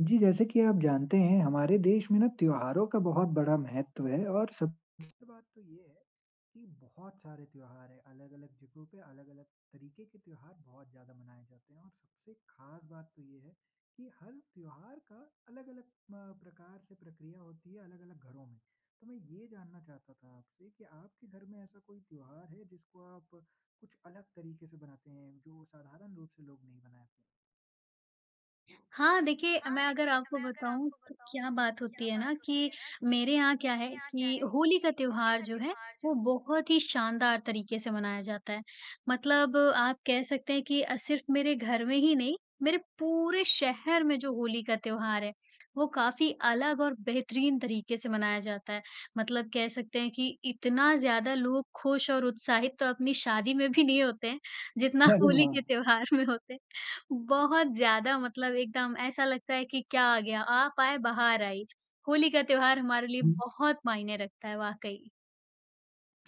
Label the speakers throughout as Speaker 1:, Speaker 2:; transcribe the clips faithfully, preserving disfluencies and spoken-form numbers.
Speaker 1: जी, जैसे कि आप जानते हैं हमारे देश में ना त्योहारों का बहुत बड़ा महत्व है। और सबसे बात तो ये है कि बहुत सारे त्योहार हैं, अलग-अलग जगहों पे, अलग-अलग तरीके के त्योहार बहुत ज़्यादा मनाए जाते हैं। और सबसे ख़ास बात तो ये है कि हर त्योहार का अलग-अलग अ, प्रकार से प्रक्रिया होती है, अलग-अलग घरों में। तो मैं ये जानना चाहता था आपसे कि आपके घर में ऐसा कोई त्योहार है, जिसको आप कुछ अलग तरीके से बनाते हैं? जो साधारण रूप से लोग नहीं मनाते?
Speaker 2: हाँ, देखिए मैं अगर आपको बताऊँ तो क्या बात होती है ना कि मेरे यहाँ क्या है कि होली का त्योहार जो है, वो बहुत ही शानदार तरीके से मनाया जाता है। मतलब आप कह सकते हैं कि अ, सिर्फ़ मेरे घर में ही नहीं, मेरे पूरे शहर में जो होली का त्योहार है, वो काफ़ी अलग और बेहतरीन तरीके से मनाया जाता है। मतलब कह सकते हैं कि इतना ज़्यादा लोग ख़ुश और उत्साहित तो अपनी शादी में भी नहीं होते हैं जितना
Speaker 1: अरे
Speaker 2: होली के
Speaker 1: वाह!
Speaker 2: त्योहार में होते। बहुत ज़्यादा मतलब एकदम ऐसा लगता है कि क्या आ गया? "आप आए, बहार आई" होली का त्योहार हमारे लिए
Speaker 1: हुँ।
Speaker 2: बहुत मायने रखता है वाक़ई।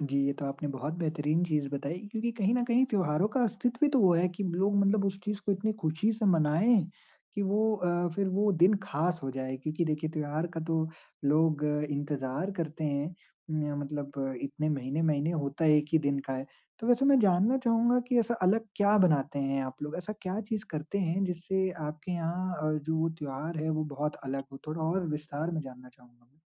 Speaker 1: जी, ये तो आपने बहुत बेहतरीन चीज़ बताई क्योंकि कहीं न कहीं त्योहारों का अस्तित्व भी तो वो है, कि लोग मतलब उस चीज़ को इतनी ख़ुशी से मनाएँ कि वो अ, फ़िर वो दिन ख़ास हो जाए। क्योंकि देखिए त्योहार का तो लोग इंतज़ार करते हैं, म मतलब इतने महीने-महीने, होता एक ही दिन का है। तो वैसे मैं जानना चाहूँगा कि ऐसा अलग क्या बनाते हैं आप लोग, ऐसा क्या चीज़ करते हैं जिससे आपके यहाँ अ, जो त्योहार है वो बहुत अलग हो? थोड़ा और विस्तार में जानना चाहूँगा मैं।